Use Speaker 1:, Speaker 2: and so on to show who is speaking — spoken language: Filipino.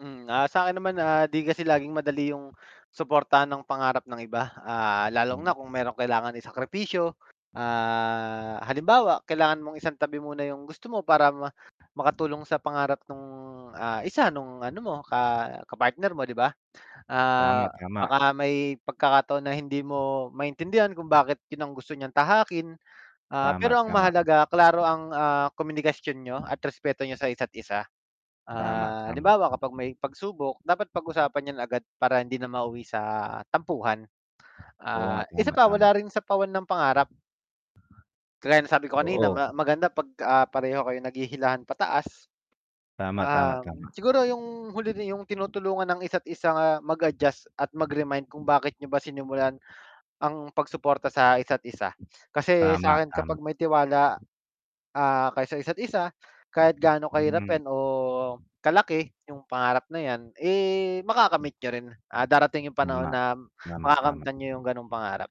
Speaker 1: Hmm, ah, sakin naman, ah, 'di kasi laging madali yung suportahan ng pangarap ng iba. Ah, lalo
Speaker 2: Hmm.
Speaker 1: na kung meron kailangan isakripisyo, ah, halimbawa kailangan mong isang tabi muna yung gusto mo para ma makatulong sa pangarap nung, ah, isa nung ano mo ka kapartner mo 'di ba?
Speaker 2: Tama,
Speaker 1: Ah,
Speaker 2: tama.
Speaker 1: baka may pagkakataon na hindi mo maintindihan kung bakit yun ang gusto niyang tahakin, ah,
Speaker 2: Tama,
Speaker 1: pero ang
Speaker 2: tama.
Speaker 1: mahalaga klaro ang, ah, komunikasyon niyo at respeto niyo sa isa't isa.
Speaker 2: Tama,
Speaker 1: Ah,
Speaker 2: tama.
Speaker 1: halimbawa kapag may pagsubok dapat pag-usapan yan agad, para hindi na mauwi sa tampuhan.
Speaker 2: Oo
Speaker 1: Ah,
Speaker 2: nga.
Speaker 1: isa
Speaker 2: Tama,
Speaker 1: pa
Speaker 2: tama.
Speaker 1: wala rin sapawan ng pangarap. Kagaya ng nasabi ko kanina
Speaker 2: Oo.
Speaker 1: ma maganda 'pag, ah, pareho kayo naghihilahan pataas.
Speaker 2: Tama, tama,
Speaker 1: Um,
Speaker 2: tama.
Speaker 1: siguro yung huli rin yung tinutulungan ng isa't isa mag-adjust at mag-remind kung bakit niyo ba sinimulan, ang pagsuporta sa isa't isa. Kasi
Speaker 2: Tama,
Speaker 1: sakin kapag
Speaker 2: tam
Speaker 1: may tiwala, ah, kayo sa isa't isa, kahit gaano kahirap
Speaker 2: Mhm.
Speaker 1: o kalaki yung pangarap na yan, eh, makakamit niyo rin, ah, darating yung panahon
Speaker 2: Tama.
Speaker 1: na
Speaker 2: Tama, tama.
Speaker 1: makakamtan niyo yung ganong pangarap.